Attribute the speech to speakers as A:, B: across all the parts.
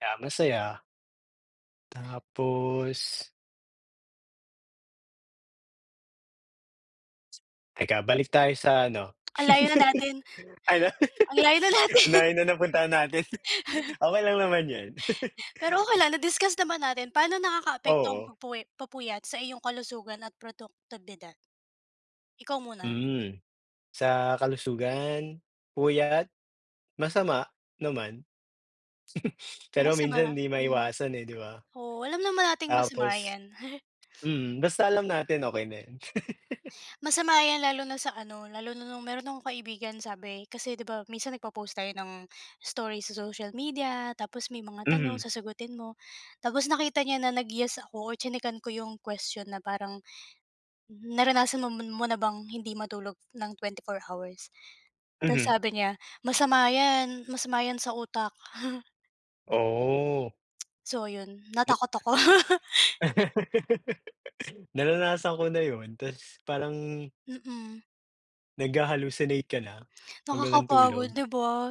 A: Kaya, masaya. Tapos Teka balik tayo sa ano
B: Ang layo na natin
A: ano?
B: ang layo na
A: ang
B: natin.
A: layo na napuntahan natin. Okey lang naman yun.
B: Pero okey lang, na-discuss naman natin, paano nakakaapekto ang
A: Oo.
B: pagpwe papuyat sa iyong kalusugan at produktibidad? Ikaw muna.
A: Hmm, sa kalusugan, puyat, masama naman.
B: Kung
A: Pero
B: masama,
A: minsan hindi
B: hmm
A: maiwasan, eh 'di ba.
B: oo alam naman nating masama
A: Tapos
B: 'yan.
A: mm, basta alam natin okey na yun.
B: Masama yan lalo na sa ano, lalo na nung meron akong kaibigan sabi kasi 'di ba minsan nagpo-post tayo ng story sa social media, tapos may mga tanong
A: Mhm.
B: sasagutin mo. Tapos nakita niya na nag yes ako o tsinekan ko 'yong question na parang, naranasan mon mo na bang hindi matulog ng 24 hours? 'Tas
A: Mhm.
B: sabi niya masama 'yan, masama 'yan sa utak.
A: Oh.
B: So yun,
A: Na
B: natakot ako.
A: Naranasan ko na yun, 'tas parang
B: Mm.
A: Nagha-hallucinate ka na, 'pag walang
B: Nakakapagod
A: tulog,
B: 'di ba?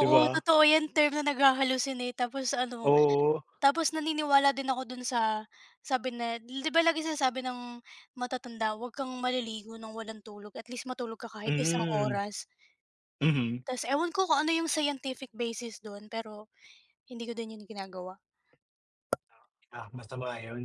A: 'di ba?
B: totoo yan term na nagha-hallucinate tapos ano,
A: Oo.
B: tapos naniniwala din ako dun sa sabi na, di ba laging sinasabi ng matatanda wag kang maliligo ng walang tulog at least matulog ka kahit isang
A: Hmm.
B: oras.
A: Mhm.
B: 'Tas ewan ko kung ano yung scientific basis dun, pero hindi ko din yun ginagawa.
A: Ah, masama yun.